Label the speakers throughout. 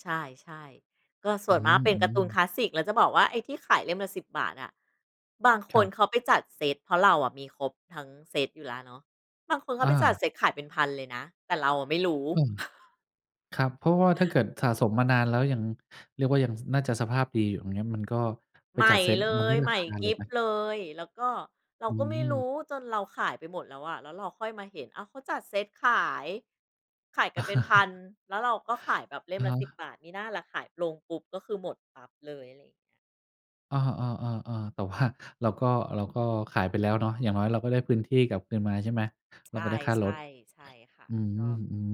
Speaker 1: ใช่ ๆ ก็ส
Speaker 2: อ
Speaker 1: ่
Speaker 2: ื
Speaker 1: วนมากเป็นการ์ตู
Speaker 2: ม
Speaker 1: นค
Speaker 2: ๆ
Speaker 1: ลาสสิก แล้วจะบอกว่าไอ้ที่ขายเล่มละ 10 บาทอะ บางค
Speaker 2: ครั
Speaker 1: น
Speaker 2: บ
Speaker 1: เขาไปจัดเซ็ต เพราะเราอะมีครบทั้งเซ็ตอยู่แล้วเนาะ บางคนเข
Speaker 2: อ
Speaker 1: าไปจัด
Speaker 2: า
Speaker 1: เซ็ตขายเป็น 1,000 เลยนะ แต่เราไม่รู้
Speaker 2: อืม ครับ เพราะว่าถ้าเกิดสะสมมานานแล้วยัง เรียกว่ายังน่าจะสภาพดีอยู่ อย่างเงี้ย มันก็ไป
Speaker 1: ใหม
Speaker 2: จั
Speaker 1: ่
Speaker 2: ดเซ็ต
Speaker 1: เล
Speaker 2: มันได
Speaker 1: ย
Speaker 2: ้
Speaker 1: ใ
Speaker 2: รา
Speaker 1: หม่
Speaker 2: คา
Speaker 1: ก
Speaker 2: เล
Speaker 1: ริ
Speaker 2: ย
Speaker 1: บ
Speaker 2: นะ
Speaker 1: เลย แล้วก็ เรา
Speaker 2: อื
Speaker 1: ก็ไม่ร
Speaker 2: ม
Speaker 1: ู้จนเราขายไปหมดแล้วอะ แล้วเราค่อยมาเห็น อ้าว เขาจัดเซ็ตขาย ขายกับเป็นพัน แล้วเราก็ขายแบบเล่
Speaker 2: อ
Speaker 1: ม
Speaker 2: ะ
Speaker 1: ล
Speaker 2: ฮ
Speaker 1: ะ 10
Speaker 2: ะ
Speaker 1: บาท มิน่าล่ะขายลงปุ๊บก็คือหมดปั๊บเลย อะไรอย่างเงี้ย
Speaker 2: เออ ๆ ๆ ๆ แต่ว่าเราก็ เราก็ขายไปแล้วเนาะ อย่างน้อยเราก็ได้พื้นที่กลับคืนมาใช่ไหม?
Speaker 1: ใ
Speaker 2: เร
Speaker 1: ช
Speaker 2: าก็
Speaker 1: ่
Speaker 2: ได้ค่ารถ
Speaker 1: ๆ ใช่ค่ะ
Speaker 2: อื
Speaker 1: ก็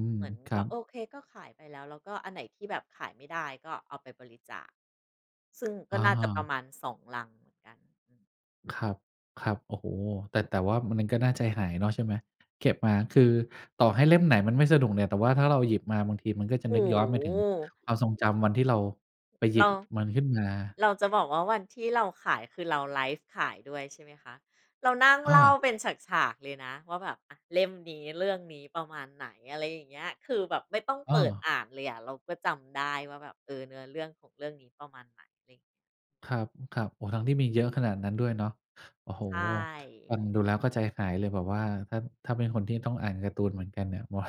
Speaker 2: ม
Speaker 1: เหมือน
Speaker 2: ๆ คร
Speaker 1: ก
Speaker 2: ั
Speaker 1: ็
Speaker 2: บ
Speaker 1: โอเค ก็ขายไปแล้ว แล้วก็อันไหนที่แบบขายไม่ได้ก็เอาไปบริจาค ซึ่งก
Speaker 2: อ
Speaker 1: ็น่าจะประ
Speaker 2: า
Speaker 1: มาณ 2 ลังเหมือนกัน อืม
Speaker 2: ครับ ครับ โอ้โฮ แต่ แต่ว่ามัน น ก็น่าใจหายเนาะใช่ไหม เก็บมา คือต่อให้เล่มไหนมันไม่สนุกเนี่ย แต่ว่าถ้าเราหยิบมาบางทีมันก็จะ
Speaker 1: โอ
Speaker 2: น
Speaker 1: ้
Speaker 2: ึกย้อนไป
Speaker 1: โ
Speaker 2: ถึง
Speaker 1: ฮ
Speaker 2: ความทรงจำวันที่เราไปหย
Speaker 1: เ
Speaker 2: ิ
Speaker 1: ร
Speaker 2: บ
Speaker 1: า
Speaker 2: มันขึ้นมา
Speaker 1: เราจะบอกว่าวันที่เราขาย คือเราไลฟ์ขายด้วยใช่ไหมคะ เรานั่ง
Speaker 2: อ
Speaker 1: เล่า
Speaker 2: า
Speaker 1: เป็นฉาก ๆ เลยนะว่าแบบ อา เล่มนี้ เรื่องนี้ ประมาณไหน อะไรอย่างเงี้ย คือแบบไม่ต้อง
Speaker 2: อ
Speaker 1: เปิด
Speaker 2: า
Speaker 1: อ่านเลยอะ เราก็จำได้ว่าแบบ เออ เนื้อเรื่องของเรื่องนี้ประมาณไหน ไร
Speaker 2: ครับ ๆ โอ้ ทั้งที่มีเยอะขนาดนั้นด้วยเนอะ โอ้โฮ
Speaker 1: ใช
Speaker 2: ฟ
Speaker 1: ่
Speaker 2: ังดูแล้วก็ใจหายเลยแบบว่า ถ้า ถ้าเป็นคนที่ต้องอ่านการ์ตูนเหมือนกันเนี่ย ผมว่า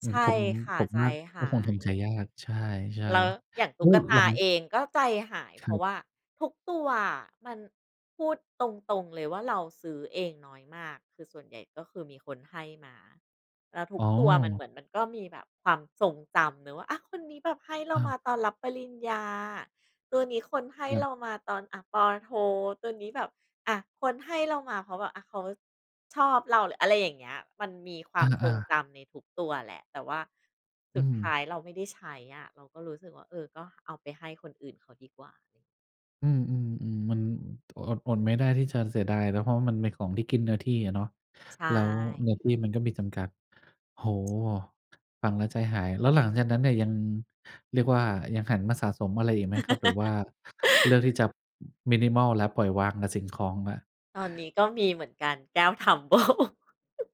Speaker 2: เห
Speaker 1: ใ
Speaker 2: ม
Speaker 1: ช
Speaker 2: ือน
Speaker 1: ่
Speaker 2: ผม
Speaker 1: ค่ะ
Speaker 2: ผม
Speaker 1: ใจ
Speaker 2: ว่า
Speaker 1: ห
Speaker 2: ก็
Speaker 1: า
Speaker 2: คงทำใจ
Speaker 1: ย
Speaker 2: ยาก ใช่
Speaker 1: เรา อย่าง
Speaker 2: ๆ
Speaker 1: ต
Speaker 2: แล
Speaker 1: ุ
Speaker 2: ้
Speaker 1: ๊ก
Speaker 2: ว
Speaker 1: ต
Speaker 2: หลั
Speaker 1: า
Speaker 2: ง
Speaker 1: เองก็ใจหาย เพ
Speaker 2: คร
Speaker 1: ราะ
Speaker 2: ับ
Speaker 1: ว่าทุกตัวอะ มัน พูดตรง ๆ เลยว่าเราซื้อเองน้อยมาก คือส่วนใหญ่ก็คือมีคนให้มา แล้วทุ
Speaker 2: อ๋
Speaker 1: ก
Speaker 2: อ
Speaker 1: ตัวมันเหมือนมันก็มีแบบความทรงจำ หรือว่า อ้าว คนนี้แบบให้เรา
Speaker 2: อ้า
Speaker 1: ม
Speaker 2: ว
Speaker 1: าตอนรับปริญญา ตัวนี้คนให้
Speaker 2: ครั
Speaker 1: เ
Speaker 2: บ
Speaker 1: รามาตอน อา ป.โท ตัวนี้แบบ อา คนให้เรามาเพราะว่า อา เขาชอบเราแหละ อะไรอย่างเงี้ย มันมีคว
Speaker 2: อ
Speaker 1: ามทร
Speaker 2: า
Speaker 1: งจ
Speaker 2: ๆ
Speaker 1: ำในทุกตัวแหละ แต่ว่าส
Speaker 2: อื
Speaker 1: ุดท้
Speaker 2: ม
Speaker 1: ายเราไม่ได้ใช้อะ เราก็รู้สึกว่า เออ ก็เอาไปให้คนอื่นเขาดีกว่า อย่าง
Speaker 2: อืม ๆ ๆ มัน อด อดไม่ได้ที่จะเสียดายเนอะ เพราะว่ามันเป็นของที่กินเนื้อที่อะเนาะ
Speaker 1: ใช
Speaker 2: แล้วเนื้
Speaker 1: ่
Speaker 2: อที่มันก็มีจำกัด โอ้โฮ ฟังแล้วใจหาย แล้วหลังจากนั้นเนี่ยยัง เรียกว่ายังหันมาสะสมอะไรอีกไหมครับ? หรือว่า เลือกที่จะ minimal แล้ว ปล่อยวางกับสิ่งของแล้ว
Speaker 1: ตอนนี้ก็มีเหมือนกัน แก้ว Tumbler